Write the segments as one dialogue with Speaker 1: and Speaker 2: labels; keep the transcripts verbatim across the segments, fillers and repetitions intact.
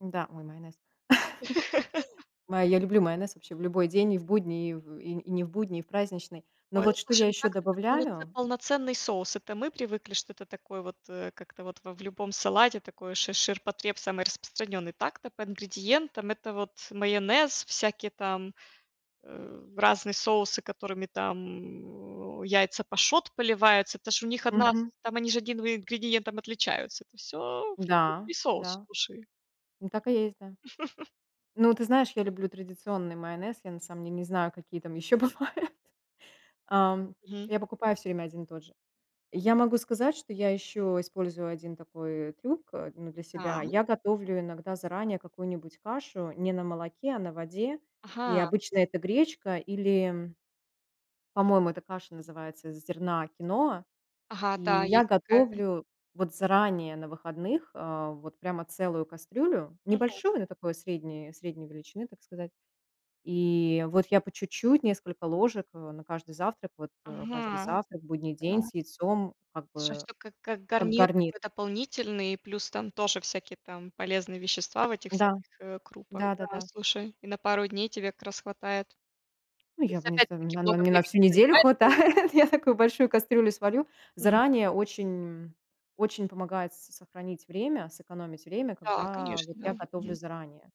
Speaker 1: Да, ой, майонез. Ма я люблю майонез вообще в любой день: и в будний, и в и и не в будний, и в праздничный, но
Speaker 2: Ой, ну,
Speaker 1: вот что я
Speaker 2: слушай, ну,
Speaker 1: ещё
Speaker 2: так-то это полноцен
Speaker 1: добавляю
Speaker 2: полноценный соус. Это мы привыкли, что это такой вот, э, как-то вот в в любом салате такое шир ширпотреб самый распространенный. Так-то по ингредиентам это вот майонез, всякие там, э, разные соусы, которыми там, э, яйца пашот поливаются, это ж у них одна с
Speaker 1: Мгм.
Speaker 2: там они же одним в ингредиентом отличаются, это всё
Speaker 1: Да
Speaker 2: французский соус,
Speaker 1: да,
Speaker 2: слушай.
Speaker 1: так и есть, да. Ну, ты знаешь, я люблю традиционный майонез, я на самом деле не знаю, какие там ещё бывают, ам,
Speaker 2: Мгм.
Speaker 1: я покупаю всё время один и тот же. Я могу сказать, что я еще использую один такой трюк, а, ну, для себя,
Speaker 2: Так.
Speaker 1: я готовлю иногда заранее какую-нибудь кашу не на молоке, а на воде, и
Speaker 2: Ага.
Speaker 1: обычно это гречка или, м по-моему, эта каша называется из зерна киноа,
Speaker 2: Ага,
Speaker 1: и
Speaker 2: да,
Speaker 1: я
Speaker 2: есть такая.
Speaker 1: готовлю вот заранее на выходных, а, вот прямо целую кастрюлю,
Speaker 2: Мгм.
Speaker 1: небольшую, но такой средней средней величины, так сказать, и вот я по чуть-чуть несколько ложек на каждый завтрак, вот, э, каждый
Speaker 2: Ага,
Speaker 1: завтрак, будний день
Speaker 2: да.
Speaker 1: с яйцом, как
Speaker 2: Что
Speaker 1: бы
Speaker 2: всё. Как как
Speaker 1: как
Speaker 2: гарнир
Speaker 1: гарнир.
Speaker 2: такой дополнительный, плюс там тоже всякие там полезные вещества в этих
Speaker 1: Да.
Speaker 2: всяких, э, крупах,
Speaker 1: Да да
Speaker 2: да,
Speaker 1: да.
Speaker 2: слушай. И на пару дней тебе как раз хватает.
Speaker 1: Ну,
Speaker 2: То
Speaker 1: я
Speaker 2: есть
Speaker 1: бы не з на
Speaker 2: опять-таки
Speaker 1: на
Speaker 2: много
Speaker 1: мне на
Speaker 2: времени
Speaker 1: всю неделю
Speaker 2: занимает.
Speaker 1: хватает, я
Speaker 2: [unintelligible]
Speaker 1: такую большую кастрюлю сварю.
Speaker 2: Мгм.
Speaker 1: Заранее очень м, очень помогает с сохранить время, сэкономить время,
Speaker 2: Да,
Speaker 1: когда
Speaker 2: конечно,
Speaker 1: вот я
Speaker 2: да.
Speaker 1: готовлю
Speaker 2: Мгм.
Speaker 1: заранее.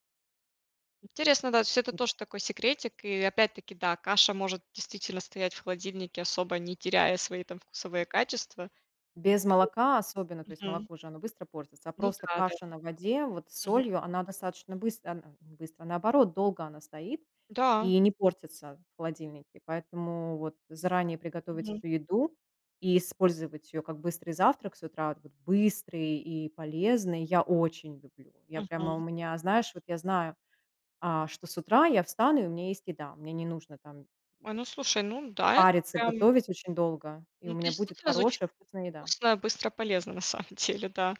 Speaker 2: Интересно, да, то есть это
Speaker 1: И та
Speaker 2: тоже такой секретик, и опять-таки, да, каша может действительно стоять в холодильнике, особо не теряя свои там вкусовые качества..
Speaker 1: Без
Speaker 2: [unintelligible]
Speaker 1: молока особенно, то есть
Speaker 2: Мгм.
Speaker 1: молоко же, оно быстро портится, а
Speaker 2: Ну
Speaker 1: просто
Speaker 2: да да.
Speaker 1: каша на воде, вот с
Speaker 2: Мгм.
Speaker 1: солью, она достаточно быстро она быстро, наоборот, долго она стоит
Speaker 2: Да.
Speaker 1: и не портится в холодильнике, поэтому вот заранее приготовить
Speaker 2: Мгм.
Speaker 1: эту еду и использовать её как быстрый завтрак с утра, да, быстрый и полезный, я очень люблю. Я прямо у
Speaker 2: Мгм.
Speaker 1: меня, знаешь, вот я знаю, а, что с утра я встану и у меня есть еда, мне не нужно там
Speaker 2: Ой, ну слушай, ну да, это
Speaker 1: париться, и
Speaker 2: прям
Speaker 1: готовить очень долго, и у
Speaker 2: Ну, это
Speaker 1: меня будет
Speaker 2: действительно звучит
Speaker 1: хорошая вкусная еда.
Speaker 2: вкусно, быстро, полезно на самом деле, да.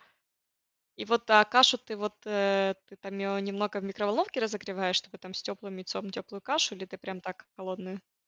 Speaker 2: И вот, а кашу ты, вот, э, ты там её немного в микроволновке разогреваешь, чтобы там с тёплым яйцом тёплую кашу, или ты прям так холодную?